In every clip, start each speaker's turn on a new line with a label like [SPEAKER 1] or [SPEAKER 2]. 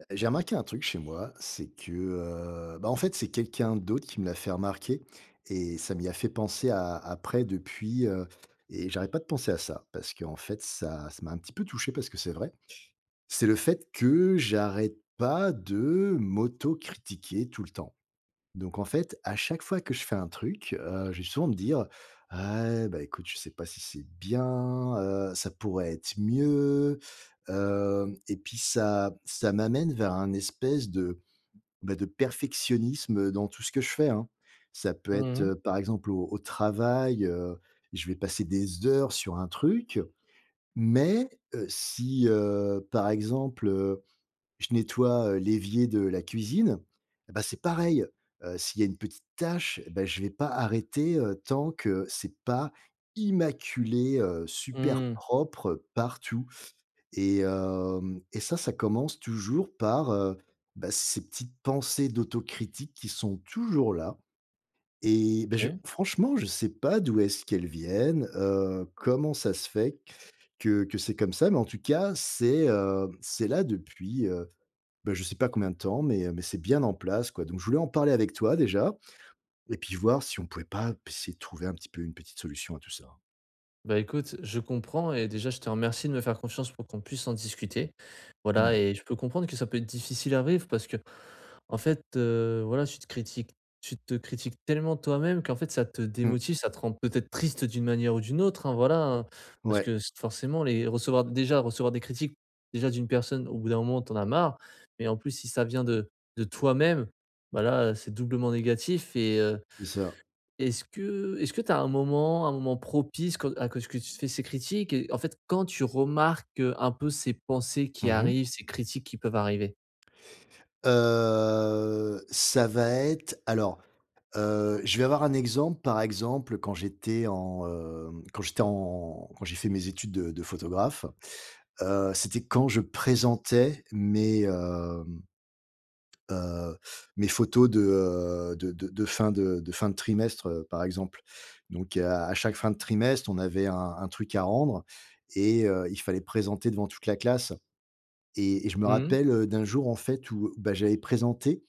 [SPEAKER 1] Heu, j'ai remarqué un truc chez moi, c'est que, heu, bah, en fait, c'est quelqu'un d'autre qui me l'a fait remarquer et ça m'y a fait penser a après, depuis, heu, et j'arrête pas de penser à ça parce qu'en fait, ça ça m'a un petit peu touché parce que c'est vrai. C'est le fait que j'arrête pas de m'autocritiquer tout le temps. Donc en fait, à chaque fois que je fais un truc, heu, je vais souvent me dire: «Ah beh, écoute, je sais pas si c'est bien, heu, ça pourrait être mieux». Hem, et puis ça ça m'amène vers un espèce de, beh, de perfectionnisme dans tout ce que je fais, hein. Ça peut
[SPEAKER 2] Mmh
[SPEAKER 1] être,
[SPEAKER 2] mh.
[SPEAKER 1] heu, par exemple, au au travail, heu, je vais passer des heures sur un truc, mais, heu, si heu, par exemple, heu, je nettoie, heu, l'évier de la cuisine, et bah, c'est pareil! Heu, s'il y a une petite tâche, bah, je vais pas arrêter, heu, tant que c'est pas immaculé, heu, super
[SPEAKER 2] Mmh.
[SPEAKER 1] propre partout. Et hem, et ça, ça commence toujours par, heu, bah, ces petites pensées d'autocritique qui sont toujours là. Et bah, je
[SPEAKER 2] OK.
[SPEAKER 1] franchement, je sais pas d'où est-ce qu'elles viennent, heu, comment ça se fait que que c'est comme ça mais, en tout cas, c'est, heu, c'est là depuis, heu, beh, je sais pas combien de temps mais, heu, mais c'est bien en place, quoi. Donc je voulais en parler avec toi déjà et puis voir si on pouvait pas p essayer de trouver un petit peu une petite solution à tout ça.
[SPEAKER 2] Bah, écoute, je comprends et déjà je te remercie de me faire confiance pour qu'on puisse en discuter, voilà.
[SPEAKER 1] Mmh.
[SPEAKER 2] Et je peux comprendre que ça peut être difficile à vivre parce qu'en fait, heu, voilà, tu te critiques tu te critiques tellement toi-même qu'en fait ça te
[SPEAKER 1] Mmh.
[SPEAKER 2] démotive, ça te rend peut-être triste d'une manière ou d'une autre, hein, voilà, hein. Parce
[SPEAKER 1] Ouais.
[SPEAKER 2] que s forcément, les recevoir déjà recevoir des critiques déjà d'une personne au bout d'un moment tu en as marre, mais en plus si ça vient de de toi-même, bah, là, c'est doublement négatif. Et heu,
[SPEAKER 1] C'est ça.
[SPEAKER 2] est-ce que est-ce que tu as un moment, un moment propice quand à quand est-ce que tu te fais ces critiques? Et en fait, quand tu remarques, heu, un peu ces pensées qui
[SPEAKER 1] Mmh mh.
[SPEAKER 2] arrivent, ces critiques qui peuvent arriver?
[SPEAKER 1] Heu, ça va être alors, heu, je vais avoir un exemple. Par exemple quand j'étais en, hem, quand j'étais en quand j'ai fait mes études de de photographe, heu, c'était quand je présentais mes, hem heu, mes photos de, heu, de de de fin de de fin de trimestre, heu, par exemple. Donc à à chaque fin de trimestre on avait un un truc à rendre et heu, il fallait présenter devant toute la classe et et je me
[SPEAKER 2] Mmh.
[SPEAKER 1] rappelle, heu, d'un jour, en fait, où bah, j'avais présenté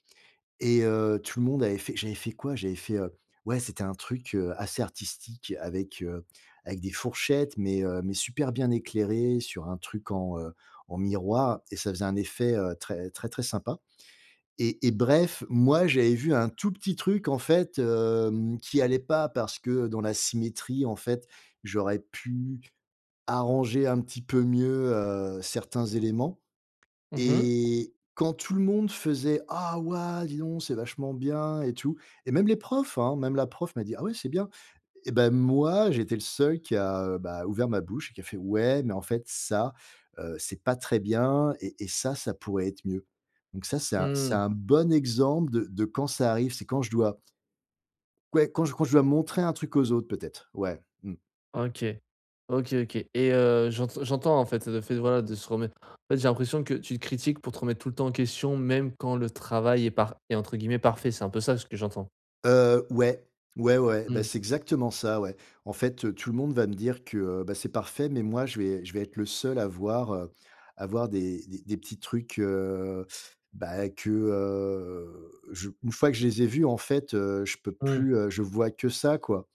[SPEAKER 1] et heu, tout le monde avait fait j'avais fait quoi? J'avais fait, heu, ouais, c'était un truc, heu, assez artistique avec, heu, avec des fourchettes. Mais, heu, mais super bien éclairé, sur un truc en, heu, en miroir et ça faisait un effet, heu, très très, très sympa et et bref, moi j'avais vu un tout petit truc en fait, hem, qui allait pas. Parce que dans la symétrie en fait, j'aurais pu arranger un petit peu mieux, heu, certains éléments
[SPEAKER 2] Mmh mh.
[SPEAKER 1] et quand tout le monde faisait: «Oh waouh, dis donc! C'est vachement bien et tout» et même les profs, hein. Même la prof m'a dit: «Ah ouais c'est bien» et bah, moi j'étais le seul qui a, heu, bah, ouvert ma bouche, qui a fait: «Ouais mais en fait ça, heu, c'est pas très bien et et ça ça pourrait être mieux». Donc ça c'est un c'est
[SPEAKER 2] Mmh.
[SPEAKER 1] un bon exemple de de quand ça arrive c'est quand je dois q ouais quand je quand je dois montrer un truc aux autres peut-être, ouais, mmh.
[SPEAKER 2] OK. OK OK et heu, j'ente j'entends en fait le fait de voilà de se remettre en fait j'ai l'impression que tu te critiques pour te remettre tout le temps en question, même quand le travail est par est entre guillemets «parfait». C'est un peu ça ce que j'entends?
[SPEAKER 1] Heu, ouais. Ouais, ouais. Bah,
[SPEAKER 2] Mmh.
[SPEAKER 1] c'est exactement ça, ouais. En fait, heu, tout le monde va me dire que, heu, bah, c'est parfait mais moi je vais je vais être le seul à voir, heu, à voir des des des petits trucs, heu, bah, que, heu, je une fois que je les ai vus en fait, heu, je peux
[SPEAKER 2] Mmh.
[SPEAKER 1] plus, heu je vois que ça quoi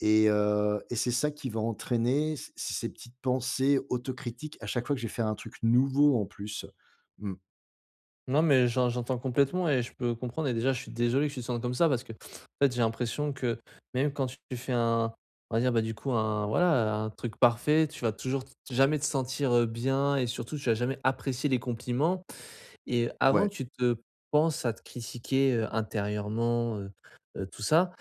[SPEAKER 1] et heu et c'est ça qui va entraîner c c ces petites pensées autocritiques à chaque fois que je vais faire un truc nouveau en plus. Mmh.
[SPEAKER 2] Non mais j'en j'entends complètement et je peux comprendre et déjà je suis désolé que tu te sentes comme ça. Parce qu'en fait j'ai l'impression que même quand tu fais un on va dire, bah, du coup un voilà, heu, un truc parfait tu vas toujours t jamais te sentir, heu, bien et surtout tu vas jamais apprécier les compliments et avant
[SPEAKER 1] Ouais.
[SPEAKER 2] que tu te penses à te critiquer, heu, intérieurement, heu, heu, tout ça,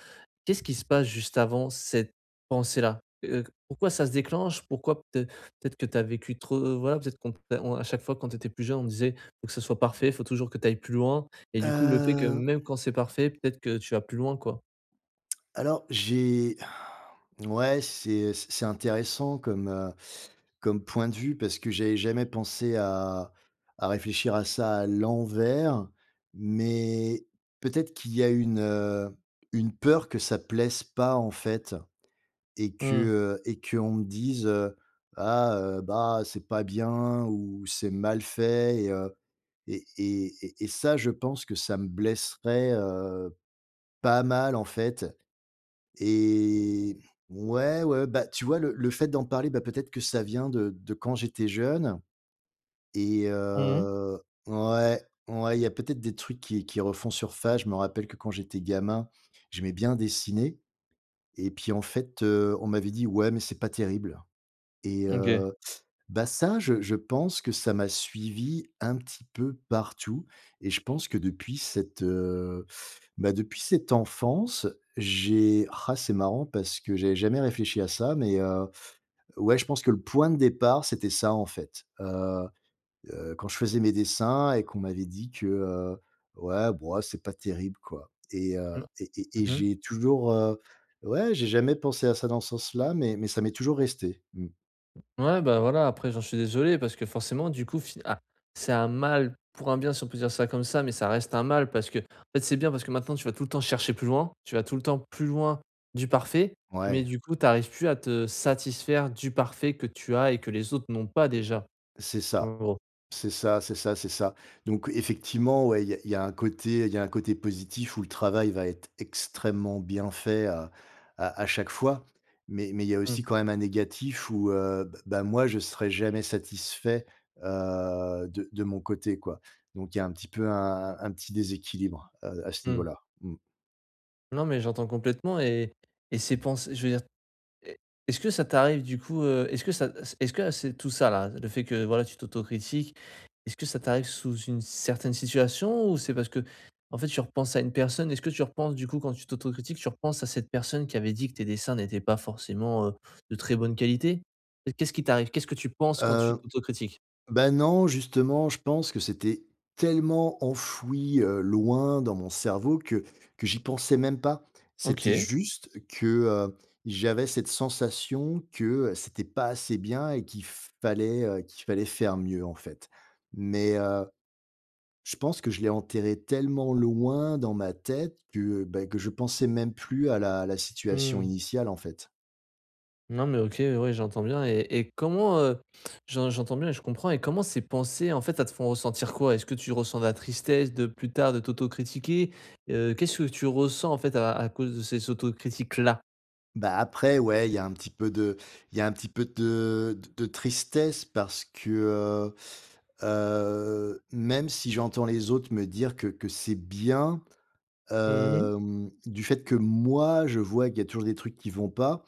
[SPEAKER 2] qu'est-ce qui se passe juste avant cette pensée-là? Heu, q pourquoi ça se déclenche? Pourquoi peut-être peut-être que tu as vécu trop voilà qu'on p heu, on à chaque fois quand tu étais plus jeune on disait il faut que ce soit parfait? Il faut toujours que tu ailles plus loin? Et du coup le fait que
[SPEAKER 1] Heu
[SPEAKER 2] même quand c'est parfait, peut-être que tu vas plus loin quoi?
[SPEAKER 1] Alors j'ai n ouais c'est, heu, c c'est intéressant comme, heu, comme point de vue. Parce que j'avais jamais pensé à à réfléchir à ça à l'envers. Mais peut-être qu'il y a une, heu, une peur que ça plaise pas en fait et que,
[SPEAKER 2] Mmh.
[SPEAKER 1] heu et qu'on me dise, heu: «Ah, heu, bah c'est pas bien ou c'est mal fait» et heu et et et et ça je pense que ça me blesserait, heu, pas mal en fait et ouais ouais. Bah, tu vois le le fait d'en parler, bah, peut-être que ça vient de de quand j'étais jeune et
[SPEAKER 2] Mmh.
[SPEAKER 1] heu ouais, ouais il y a peut-être des trucs qui qui refont surface. Je me rappelle que quand j'étais gamin j'aimais bien dessiner et puis en fait, heu, on m'avait dit: «ouais mais c'est pas terrible» et
[SPEAKER 2] OK.
[SPEAKER 1] heu. Bah, ça je je pense que ça m'a suivi un petit peu partout et je pense que depuis cette, heu, bah, depuis cette enfance j'ai ah c'est marrant parce que j'avais jamais réfléchi à ça mais, heu, ouais je pense que le point de départ c'était ça en fait. Heu, heu, quand je faisais mes dessins et qu'on m'avait dit que, heu, ouais bo oh c'est pas terrible quoi et heu,
[SPEAKER 2] Mmh.
[SPEAKER 1] et et et
[SPEAKER 2] Mmh mh.
[SPEAKER 1] j'ai toujours, heu ouais j'ai jamais pensé à ça dans ce sens là mais mais ça m'est toujours resté, mmh.
[SPEAKER 2] Ouais bah, voilà, après j'en suis désolé parce que forcément du coup fi ah c'est un mal pour un bien si on peut dire ça comme ça. Mais ça reste un mal parce qu'en fait c'est bien parce que maintenant tu vas tout le temps chercher plus loin, tu vas tout le temps plus loin du parfait, mais
[SPEAKER 1] Ouais.
[SPEAKER 2] du coup tu arrives plus à te satisfaire du parfait que tu as et que les autres n'ont pas déjà.
[SPEAKER 1] C'est
[SPEAKER 2] En
[SPEAKER 1] ça,
[SPEAKER 2] gros.
[SPEAKER 1] c'est ça, c'est ça, c'est ça. Donc effectivement, ouais il y a il y a un côté il y a un côté positif où le travail va être extrêmement bien fait à à à chaque fois. Mais mais il y a
[SPEAKER 2] Mmh.
[SPEAKER 1] aussi quand même un négatif où, heu, b bah moi je serai jamais satisfait, heu, de de mon côté quoi. Donc il y a un petit peu un un un petit déséquilibre à à ce
[SPEAKER 2] Mmh.
[SPEAKER 1] niveau-là. Mmh.
[SPEAKER 2] Nan mais j'entends complètement et et c'est pense je veux dire, est est-ce que ça t'arrive du coup, heu, est-ce que ça es est-ce que à c'est tout ça là, le fait, que voilà tu t'autocritiques, est-ce que ça t'arrive sous une certaine situation? Ou c'est parce qu'en fait, tu repenses à une personne? Est-ce que tu repenses du coup quand tu t'autocritiques, tu repenses à cette personne qui avait dit que tes dessins n'étaient pas forcément, heu, de très bonne qualité? Qu'est-ce qui t'arrive? Qu'est-ce que tu penses quand tu
[SPEAKER 1] Heu,
[SPEAKER 2] t'autocritiques?
[SPEAKER 1] bah non justement, je pense que c'était tellement enfoui, heu, loin dans mon cerveau que que j'y pensais même pas. C'était
[SPEAKER 2] OK.
[SPEAKER 1] juste que, heu, j'avais cette sensation que c'était pas assez bien et qu'il fallait, heu, qu'il fallait faire mieux, en fait, mais heu, je pense que je l'ai enterré tellement loin dans ma tête que, bah, que je pensais même plus à la la situation
[SPEAKER 2] Mmh.
[SPEAKER 1] initiale, en fait.
[SPEAKER 2] Non mais OK, ouais j'entends bien et et comment, heu, j'en j'entends bien et je comprends et comment ces pensées en fait, elles te font ressentir quoi? Est-ce que tu ressens de la tristesse de plus tard de t'autocritiquer? Heu, qu'est-ce que tu ressens, en fait, à à cause de ces autocritiques là?
[SPEAKER 1] Bah après ouais, il y a un petit peu de il y a un petit peu de d de tristesse parce que, heu heu, même si j'entends les autres me dire que que c'est bien,
[SPEAKER 2] Mmh mh.
[SPEAKER 1] hem, du fait, que moi je vois qu'il y a toujours des trucs qui vont pas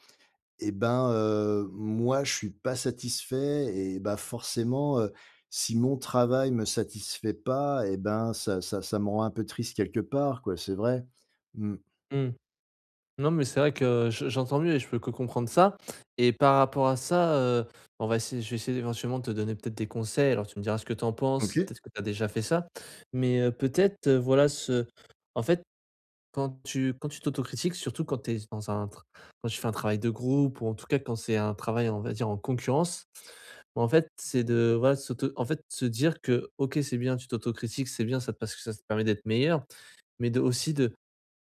[SPEAKER 1] et ben, heu, moi je suis pas satisfait et bah, forcément, heu, si mon travail me satisfait pas et ben, ça ça ça me rend un peu triste quelque part quoi, c'est vrai. Mmh.
[SPEAKER 2] Mmh. Non mais c'est vrai que je j'entends mieux et je peux que comprendre ça et par rapport à ça, heu, ben, on va essayer je vais essayer éventuellement de te donner peut-être des conseils alors tu me diras ce que tu en penses, si
[SPEAKER 1] OK.
[SPEAKER 2] peut-être que tu as déjà fait ça, mais heu, peut-être, heu, voilà ce en fait quand tu quand tu t'autocritiques surtout quand tu es s dans un tr quand tu fais un travail de groupe ou en tout cas, quand c'est un travail en on va dire en concurrence, ben en fait, c'est de voilà de s'auto en fait se dire que OK, c'est bien tu t'autocritiques, c'est bien ça te parce que ça te permet d'être meilleur mais de aussi de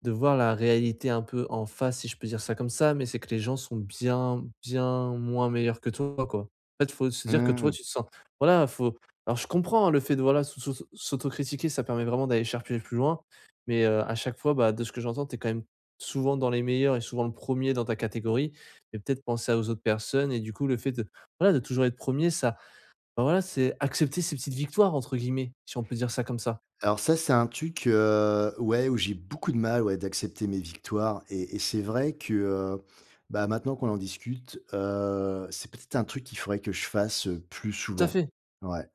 [SPEAKER 2] de voir la réalité un peu en face si je peux dire ça comme ça mais c'est que les gens sont bien bien moins meilleurs que toi, quoi. En fait, il faut se dire que toi
[SPEAKER 1] Mmh.
[SPEAKER 2] tu te sens voilà faut alors je comprends le fait de voilà de sussoss s'autocritiquer ça permet vraiment d'aller chercher plus loin mais heu, à chaque fois, bah de ce que j'entends tu es quand même souvent dans les meilleurs et souvent le 1er dans ta catégorie et peut-être penser à aux autres personnes et du coup, le fait de voilà de toujours être 1er ça, ben voilà c'est accepter ces «petites victoires» entre guillemets si on peut dire ça comme ça.
[SPEAKER 1] Alors ça, c'est un truc, heu, ouais, où j'ai beaucoup de mal, ouais, d'accepter mes victoires et et c'est vrai que, heu, bah maintenant qu'on en discute, heu, c'est peut-être un truc qu'il faudrait que je fasse, heu, plus
[SPEAKER 2] Tout à
[SPEAKER 1] souvent.
[SPEAKER 2] fait.
[SPEAKER 1] Ouais.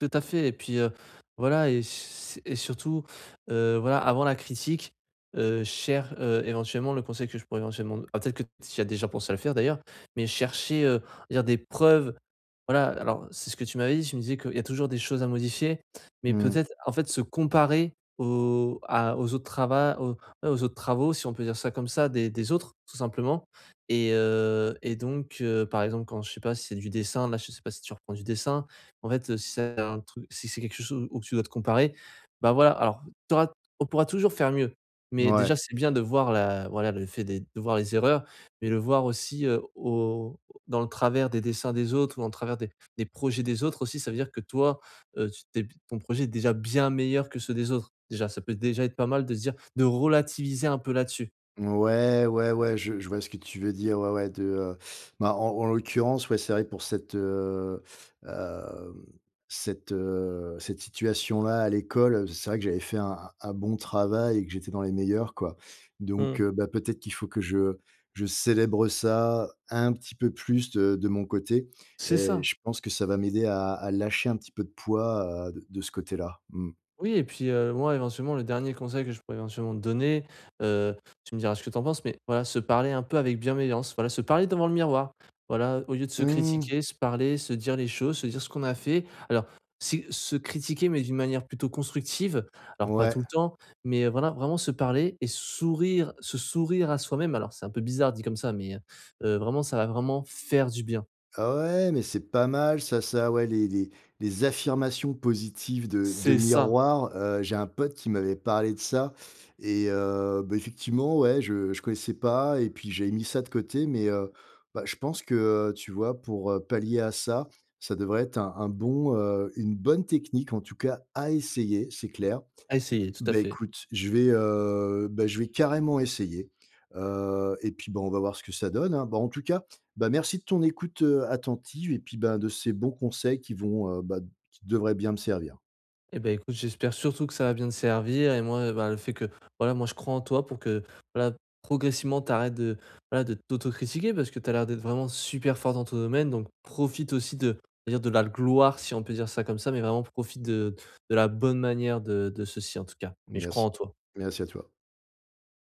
[SPEAKER 2] Tout à fait et puis, heu, voilà et s s et surtout, heu, voilà avant la critique, heu, cher heu, éventuellement le conseil que je pourrais éventuellement d ah peut-être que tu y as déjà pensé à le faire d'ailleurs mais chercher, heu, on va dire des preuves, voilà alors c'est ce que tu m'avais dit, tu me disais qu'il y a toujours des choses à modifier mais
[SPEAKER 1] Mmh.
[SPEAKER 2] peut-être, en fait, se comparer aux à aux autres trava aux, et aux autres travaux si on peut dire ça comme ça des des autres tout simplement et heu, et donc heu, par exemple, quand je sais pas si c'est du dessin là, je sais pas si tu reprends du dessin, mais en fait, heu, si c'est un truc si c'est quelque chose où tu dois te comparer, bah, voilà. Alors tu auras t on pourra toujours faire mieux mais
[SPEAKER 1] Mouais.
[SPEAKER 2] déjà, c'est bien de voir la voilà le fait des de voir les erreurs mais le voir aussi, heu, au dans le travers des dessins des autres ou en travers des des projets des autres aussi ça veut dire que toi, heu, tu t'es b ton projet est déjà bien meilleur que ceux des autres. Déjà, ça peut déjà être pas mal de se dire de relativiser un peu là-dessus.
[SPEAKER 1] Ouais, ouais, ouais, je je vois ce que tu veux dire, ouais, ouais, de heu, bah, en en l'occurrence, ouais, c'est vrai que pour cette, heu, hem, cette, heu, cette situation-là à l'école, c'est vrai que j'avais fait un un bon travail et que j'étais dans les meilleurs, quoi. Donc
[SPEAKER 2] Mmh.
[SPEAKER 1] heu, bah, peut-être qu'il faut que je je célèbre ça un petit peu plus de de mon côté
[SPEAKER 2] C'est
[SPEAKER 1] et
[SPEAKER 2] ça!
[SPEAKER 1] je pense que ça va m'aider à à lâcher un petit peu de poids, heu, d de ce côté-là. Mmh.
[SPEAKER 2] Oui et puis heu, moi, éventuellement, le dernier conseil que je pourrais, éventuellement, te donner, heu, tu me diras ce que tu en penses, mais voilà se parler un peu avec bienveillance, voilà se parler devant le miroir. Voilà, heu, au lieu de se
[SPEAKER 1] Mmh.
[SPEAKER 2] critiquer, se parler, se dire les choses, se dire ce qu'on a fait. Alors, c'est se critiquer mais d'une manière plutôt constructive, alors pas
[SPEAKER 1] Ouais.
[SPEAKER 2] tout le temps, mais heu, voilà, vraiment se parler et sourire, se sourire à soi-même. Alors, c'est un peu bizarre dit comme ça mais heu heu, vraiment, ça va vraiment faire du bien.
[SPEAKER 1] Ouais, mais c'est pas mal ça ça, ouais les les les affirmations positives de de
[SPEAKER 2] C'est ça!
[SPEAKER 1] miroir, heu. J'ai un pote qui m'avait parlé de ça et heu, bah, effectivement, ouais, je je connaissais pas et puis j'avais mis ça de côté, mais heu, bah, je pense que, heu, tu vois, pour, heu, pallier à ça, ça devrait être un un bon, heu, une bonne technique, en tout cas à essayer, c'est clair.
[SPEAKER 2] À essayer, tout à
[SPEAKER 1] Beh,
[SPEAKER 2] fait.
[SPEAKER 1] écoute je vais, heu, beh, je vais carrément essayer, heu et puis, bah, on va voir ce que ça donne, hein. Bah, en tout cas, bah, merci de ton écoute, heu, attentive et puis, ben, de ces bons conseils qui vont, heu, bah, d qui devraient bien me servir.
[SPEAKER 2] Eh beh, écoute, j'espère surtout que ça va bien te servir et moi, heu et ben, le fait que, voilà, moi, je crois en toi pour que, voilà, progressivement, tu arrêtes de, voilà, de t'autocritiquer parce que tu as l'air d'être vraiment super fort dans ton domaine donc profite aussi de je veux dire de la l gloire, si on peut dire ça comme ça mais vraiment profite de de la bonne manière de de ceci, en tout cas, mais je crois
[SPEAKER 1] Merci,
[SPEAKER 2] en toi.
[SPEAKER 1] merci à toi.